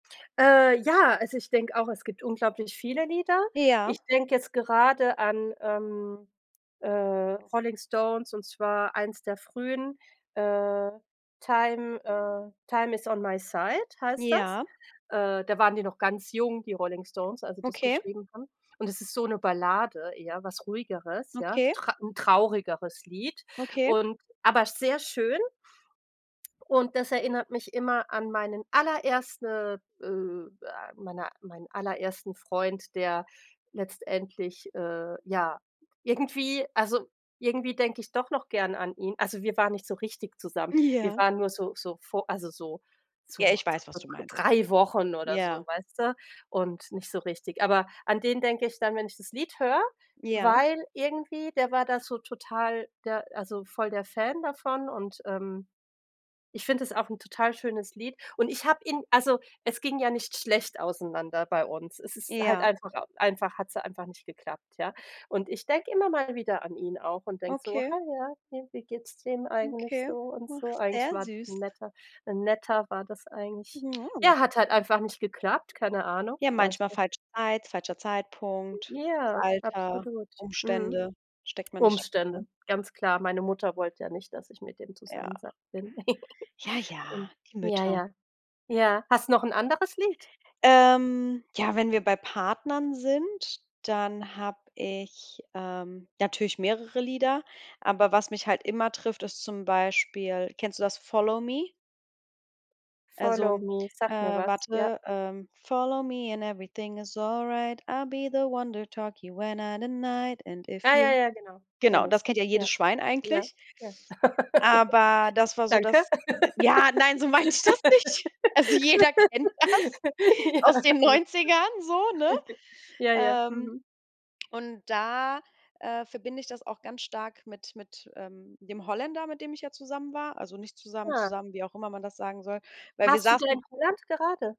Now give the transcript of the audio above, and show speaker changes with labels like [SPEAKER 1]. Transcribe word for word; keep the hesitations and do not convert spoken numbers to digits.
[SPEAKER 1] Äh, ja, also, ich denke auch, es gibt unglaublich viele Lieder.
[SPEAKER 2] Ja.
[SPEAKER 1] Ich denke jetzt gerade an, ähm, äh, Rolling Stones, und zwar eins der frühen, äh, „Time” äh, „Time is on my Side” heißt das.
[SPEAKER 2] Ja.
[SPEAKER 1] Äh, da waren die noch ganz jung, die Rolling Stones, als die das
[SPEAKER 2] Okay.
[SPEAKER 1] geschrieben haben. Und es ist so 'ne Ballade eher, was Ruhigeres, ja.
[SPEAKER 2] Okay.
[SPEAKER 1] Tr 'n traurigeres Lied
[SPEAKER 2] Okay.
[SPEAKER 1] und aber sehr schön. Und das erinnert mich immer an meinen allererste, äh, äh meine meinen allerersten Freund, der letztendlich, äh, ja, irgendwie also, irgendwie denke ich doch noch gern an ihn. Also, wir waren nicht so richtig zusammen, wir
[SPEAKER 2] Ja.
[SPEAKER 1] waren nur so so vo also, so so
[SPEAKER 2] Ja,
[SPEAKER 1] dr
[SPEAKER 2] ich weiß, was du
[SPEAKER 1] dr
[SPEAKER 2] meinst,
[SPEAKER 1] drei Wochen oder
[SPEAKER 2] ja.
[SPEAKER 1] so, weißt du? Und nicht so richtig. Aber an den denke ich dann, wenn ich das Lied höre,
[SPEAKER 2] Ja.
[SPEAKER 1] weil irgendwie, der war da so total der also, voll der Fan davon. Und, ähm, ich finde es auch 'n total schönes Lied. Und ich habe ihn also, es ging ja nicht schlecht auseinander bei uns. Es ist halt
[SPEAKER 2] Ja.
[SPEAKER 1] einfach einfach hat's ja einfach nicht geklappt, ja? Und ich denke immer mal wieder an ihn auch und denke so:
[SPEAKER 2] Okay.
[SPEAKER 1] „Ha, ja, ne, wie geht's dem eigentlich so“
[SPEAKER 2] Okay.
[SPEAKER 1] und
[SPEAKER 2] Ach,
[SPEAKER 1] so? Eigentlich
[SPEAKER 2] sehr
[SPEAKER 1] war
[SPEAKER 2] süß.
[SPEAKER 1] 'n Netter 'n Netter war das eigentlich. Ja, hat halt einfach nicht geklappt, keine Ahnung,
[SPEAKER 2] Ja,
[SPEAKER 1] vielleicht
[SPEAKER 2] manchmal
[SPEAKER 1] ja
[SPEAKER 2] falsche Zeit, falscher Zeitpunkt,
[SPEAKER 1] Ja,
[SPEAKER 2] Alter,
[SPEAKER 1] absolut, mhm.
[SPEAKER 2] Umstände, steckt man nicht drin,
[SPEAKER 1] Umstände,
[SPEAKER 2] ne?
[SPEAKER 1] ganz klar. Meine Mutter wollte ja nicht, dass ich mit dem sei
[SPEAKER 2] Ja.
[SPEAKER 1] bin.
[SPEAKER 2] Ja, ja, die
[SPEAKER 1] Ja,
[SPEAKER 2] Mütter.
[SPEAKER 1] ja. Ja, hast du noch 'n anderes Lied?
[SPEAKER 2] Ähm, ja, wenn wir bei Partnern sind, dann habe ich, ähm, natürlich mehrere Lieder. Aber was mich halt immer trifft, ist zum Beispiel kennst du das, „Follow Me”? Also,
[SPEAKER 1] „Follow me”,
[SPEAKER 2] äh,
[SPEAKER 1] sagt mir was, ja.
[SPEAKER 2] warte, ähm. Follow me and everything is all right. I'll be the one to tuck you in at night. And if
[SPEAKER 1] Ja, ja,
[SPEAKER 2] you
[SPEAKER 1] ja, genau,
[SPEAKER 2] Genau,
[SPEAKER 1] kenne
[SPEAKER 2] das
[SPEAKER 1] ich,
[SPEAKER 2] kennt ja
[SPEAKER 1] ja.
[SPEAKER 2] jedes Schwein
[SPEAKER 1] Ja,
[SPEAKER 2] eigentlich.
[SPEAKER 1] ja, ja.
[SPEAKER 2] Aber das war so
[SPEAKER 1] Danke.
[SPEAKER 2] das d ja, nein, so meinte ich das nicht. Also, jeder kennt das
[SPEAKER 1] Ja, alles gut.
[SPEAKER 2] aus den Neunzigern so, ne?
[SPEAKER 1] Ja, ja,
[SPEAKER 2] Ähm,
[SPEAKER 1] mhm.
[SPEAKER 2] und da, äh, verbinde ich das auch ganz stark mit mit, ähm, dem Holländer, mit dem ich ja zusammen war. Also, nicht zusammen
[SPEAKER 1] Ah.
[SPEAKER 2] zusammen, wie auch immer man das sagen soll. Weil wir
[SPEAKER 1] Warst du da in
[SPEAKER 2] saßen
[SPEAKER 1] Holland gerade?